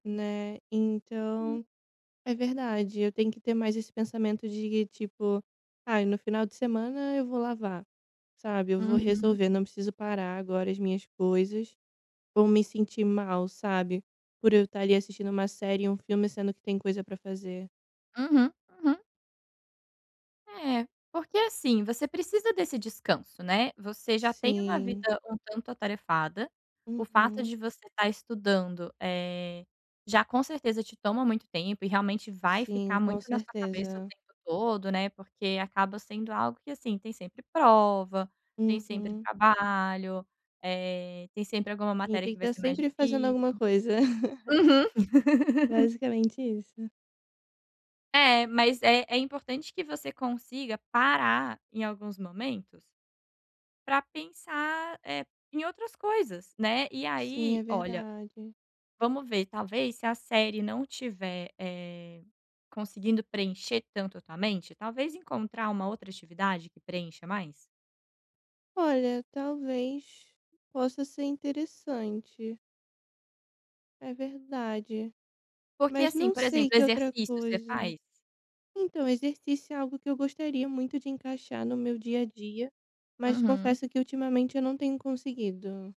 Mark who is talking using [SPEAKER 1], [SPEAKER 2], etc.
[SPEAKER 1] Né,
[SPEAKER 2] Uhum.
[SPEAKER 1] então, é verdade, eu tenho que ter mais esse pensamento de, tipo: "Ai, no final de semana eu vou lavar, sabe, eu vou
[SPEAKER 2] Uhum.
[SPEAKER 1] resolver, não preciso parar agora as minhas coisas, vou me sentir mal, sabe, por eu estar ali assistindo uma série ou um filme sendo que tem coisa para fazer".
[SPEAKER 2] Uhum, uhum. É, porque, assim, você precisa desse descanso, né, você já tem uma
[SPEAKER 1] Sim.
[SPEAKER 2] vida um tanto atarefada, o fato
[SPEAKER 1] Uhum.
[SPEAKER 2] de você estar estudando, eh, já com certeza te toma muito tempo e realmente vai
[SPEAKER 1] Sim,
[SPEAKER 2] ficar
[SPEAKER 1] com
[SPEAKER 2] muito na sua cabeça o
[SPEAKER 1] certeza.
[SPEAKER 2] tempo todo, né, porque acaba sendo algo que, assim, tem sempre prova, tem sempre
[SPEAKER 1] Uhum.
[SPEAKER 2] trabalho, eh, tem sempre alguma
[SPEAKER 1] A gente
[SPEAKER 2] matéria
[SPEAKER 1] tem
[SPEAKER 2] que
[SPEAKER 1] que
[SPEAKER 2] vai
[SPEAKER 1] está
[SPEAKER 2] ser mais
[SPEAKER 1] sempre fazendo
[SPEAKER 2] difícil
[SPEAKER 1] alguma coisa.
[SPEAKER 2] uhum.
[SPEAKER 1] Basicamente isso.
[SPEAKER 2] É, mas é é importante que você consiga parar em alguns momentos para pensar, eh, em outras coisas, né, e
[SPEAKER 1] Sim,
[SPEAKER 2] aí
[SPEAKER 1] é
[SPEAKER 2] olha,
[SPEAKER 1] verdade.
[SPEAKER 2] vamos ver talvez se a série não estiver, eh, conseguindo preencher tanto a tua mente, talvez encontrar uma outra atividade que preencha mais.
[SPEAKER 1] Olha, talvez possa ser interessante. É verdade,
[SPEAKER 2] Porque
[SPEAKER 1] mas
[SPEAKER 2] assim,
[SPEAKER 1] não
[SPEAKER 2] por
[SPEAKER 1] sei
[SPEAKER 2] exemplo, o
[SPEAKER 1] que outra
[SPEAKER 2] exercício, você
[SPEAKER 1] coisa.
[SPEAKER 2] faz?
[SPEAKER 1] Então, exercício é algo que eu gostaria muito de encaixar no meu dia a dia, mas
[SPEAKER 2] Uhum.
[SPEAKER 1] confesso que ultimamente eu não tenho conseguido.